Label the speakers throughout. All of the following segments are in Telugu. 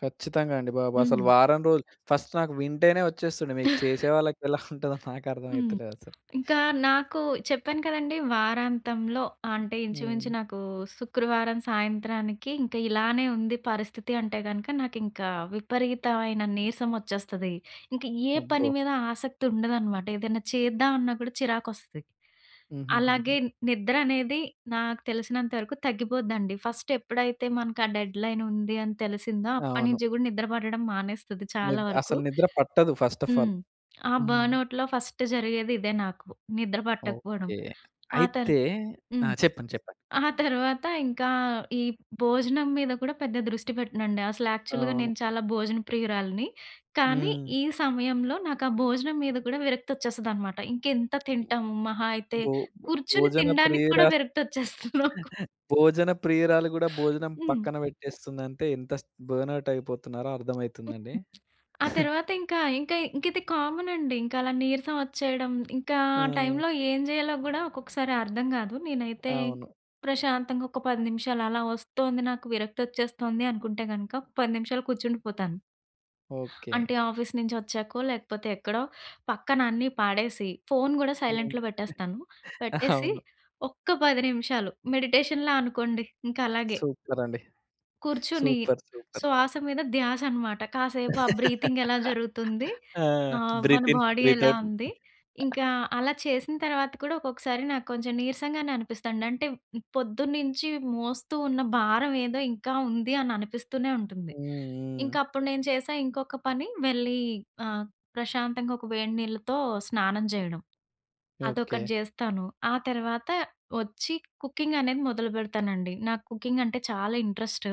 Speaker 1: కచ్చితంగా అండి బాబు. అసలు
Speaker 2: హ్మ్.
Speaker 1: వారం రోలు ఫస్ట్ నాకు వింటేనే వచ్చేస్తుంది. మీకు చేసే వాళ్ళకి ఎలా ఉంటదో, నాకు
Speaker 2: హ్మ్.
Speaker 1: అర్ధమైతలేదసలు.
Speaker 2: ఇంకా నాకు చెప్పాను కదండీ. వారాంతంలో ఆహ్, అంటే, ఇంచుమించు
Speaker 1: హ్మ్.
Speaker 2: నాకు శుక్రవారం సాయంత్రానికి, ఇంక ఇలానే ఉంది పరిస్థితి అంటే గనక, నాకింకా విపరీతవైన నీరసం వచ్చేస్తది. ఇంక ఏ పని
Speaker 1: అబ్బో!
Speaker 2: మీదా ఆసక్తుండదనమాట. ఏదెనా చేద్దాం అన్నా కూడా చిరాకొస్తది. అలాగే,
Speaker 1: హుహుహుహు.
Speaker 2: నిద్ర అనేది నాకు తెలిసినంత వరకు తగ్గిపోద్దండి. ఫస్టెప్పుడైతే మనకు ఆ డెడ్‌లైన్ ఉంది అని తెలిసిందో,
Speaker 1: అవును.
Speaker 2: అప్పడినుంచి కూడా, నిద్ర పట్టడం మానేస్తుది చాలా
Speaker 1: నిద్
Speaker 2: వరకు.
Speaker 1: అసలు నిద్ర పట్టదు ఫస్ట్ ఆఫ్ ఆల్.
Speaker 2: హ్మ్. ఆ
Speaker 1: హ్మ్.
Speaker 2: బర్నౌట్‌లో ఫస్ట్ జరిగేది ఇదే నాకు. నిద్ర పట్టకపోడం.
Speaker 1: ఓకే.
Speaker 2: ఆ తరు
Speaker 1: అయితే ఆ!
Speaker 2: హ్మ్.
Speaker 1: చెప్పండి. చెప్పండి.
Speaker 2: ఆ తర్వాత ఇంకా ఈ భోజనం మీద కూడా పెద్ద దృష్టి పెట్టనండి. అసలు యాక్చువల్‌గా
Speaker 1: అవును.
Speaker 2: నేను చాలా భోజన ప్రియురాలిని. కానీ,
Speaker 1: హ్మ్.
Speaker 2: ఈ సమయంలో నాకా భోజనం మీద కూడా విరక్తొచ్చేస్తదనమాట. ఇంకెంత తింటం! మహా అయితే,
Speaker 1: బోబ్
Speaker 2: కూర్చుని
Speaker 1: భోజన
Speaker 2: తినడానికి కూడా
Speaker 1: ప్రియురా
Speaker 2: విరక్తొచ్చేస్తుంది నాకు.
Speaker 1: భోజన ప్రియురాలు కూడా భోజనం
Speaker 2: హ్మ్.
Speaker 1: పక్కన పెట్టేస్తుందంటే ఇంతస్ బర్నౌట్ అయిపోతున్నారో అర్థమైతుందండి.
Speaker 2: ఆ! తర్వాతింకా ఇంకా ఇంకిది కామన్ అండి. ఇంకలా నీరసం వచ్చేయడం, ఇంకా ఆ
Speaker 1: హ్మ్.
Speaker 2: టైంలో ఏం జేయాలో గూడా, ఒక్కొక్కసారి అర్థం గాదు. నేనైతే,
Speaker 1: అవును.
Speaker 2: ప్రశాంతంగా ఒక్క 10 నిమిషాలలా వస్తోంది, నాకు విరక్తొచ్చేస్తోంది అనుకుంటే గనుక, ఒక 10 నిమిషాలు కూర్చుండిపోతాను.
Speaker 1: ఓకే.
Speaker 2: అంటే ఆఫీస్ నుంచి వచ్చాకో, లేకపోతే ఎక్కడో, పక్కన అన్నీ పాడేసి, ఫోన్ గూడా
Speaker 1: అవును.
Speaker 2: సైలెంట్‌లో పెట్టేస్తాను. పెట్టేసి,
Speaker 1: అవును.
Speaker 2: ఒక్క 10 నిమిషాలు మెడిటేషన్‌లా అనుకోండి, ఇంకలాగే...
Speaker 1: సూపరండి.
Speaker 2: కూర్చుని,
Speaker 1: సూపర్! సూపర్!
Speaker 2: శ్వాస మీద ధ్యాసనమాట. కాసేపు ఆ బ్రీతింగ్ ఎలా జరుగుతుంది?
Speaker 1: ఆ!
Speaker 2: ఆహ్, మన
Speaker 1: బ్రీత్ ఇన్,
Speaker 2: బోడీ
Speaker 1: బ్రీత్
Speaker 2: ఎలా
Speaker 1: ఔట్
Speaker 2: ఉంది? ఇంకా అలా చేసిన తర్వాత కూడా, ఒకొక్కసారి నాకు కొంచెం నీరసంగానే అనిపిస్తదండి. అంటే, పొద్దున్నించీ మోస్తూ ఉన్న భారవేదో ఇంకా ఉంది, అని అనిపిస్తూనే ఉంటుంది.
Speaker 1: హ్మ్. హ్మ్.
Speaker 2: ఇంకప్పుడు నేను చేశా ఇంకొక పని. వేళ్ళీ ఆహ్, ప్రశాంతంగా ఒక వేడి నీళ్ళతో స్నానం చేయడం. అదొకటి
Speaker 1: ఓకే.
Speaker 2: జేస్తాను. ఆ తర్వాత వచ్చి కుకింగ్ అనేది మొదలుపెడతానండి. నాకు కుకింగంటే చాలా ఇంట్రెస్ట్.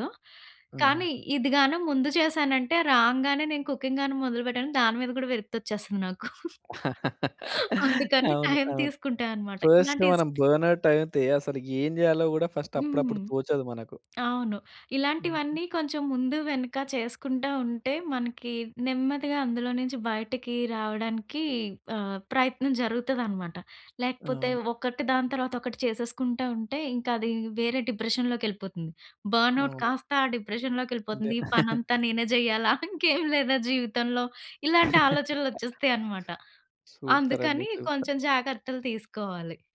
Speaker 1: ఆహా!
Speaker 2: కానీ ఇది గాను ముందు చేశానంటే, రాంగానే నేను కుకింగ్ గాను మొదలుపెట్టాను. దాని మీద కూడా విరక్తొచ్చేస్తుంది నాకు. అందుకని
Speaker 1: అవును.
Speaker 2: టైం
Speaker 1: అవును.
Speaker 2: తీసుకుంటా అనమాట.
Speaker 1: ఫస్ట్‌న
Speaker 2: ఇలాంటి
Speaker 1: మనం బర్నౌట్ అయితే, అసలు ఏం జేయాలో కూడా ఫస్ట్ అప్పుడప్పుడు
Speaker 2: హ్మ్.
Speaker 1: తోచదు మనకు.
Speaker 2: అవును. ఇలాంటివన్నీ కొంచెం ముందు, వెనక చేసుకుంటా ఉంటే, మనకి నెమ్మదిగా అందులో నించి బయటకి రావడానికి, ఆహ్, ప్రయత్నం జరుగుతదనమాట. లేకపోతే
Speaker 1: అవును.
Speaker 2: ఒకటి దాని తర్వాత ఒకటి చేసేసుకుంటా ఉంటే, ఇంకది వేరే డిప్రెషన్‌లోకెళిపోతుంది. బర్నౌట్‌
Speaker 1: అవును.
Speaker 2: కాస్తా ఆ
Speaker 1: అంతే.
Speaker 2: డిప్రెషన్‌లోకెళిపోతుంది. ఈ పనంతా నేనే జేయాలా? ఇంకేం లేదా జీవితంలో? ఇలాంటి ఆలోచనలొచ్చెస్తయి అనమాట.
Speaker 1: సూపరండి.
Speaker 2: అందుకని,
Speaker 1: సూపర్!
Speaker 2: కొంచెం జాగ్రత్తలు తీసుకోవాలి.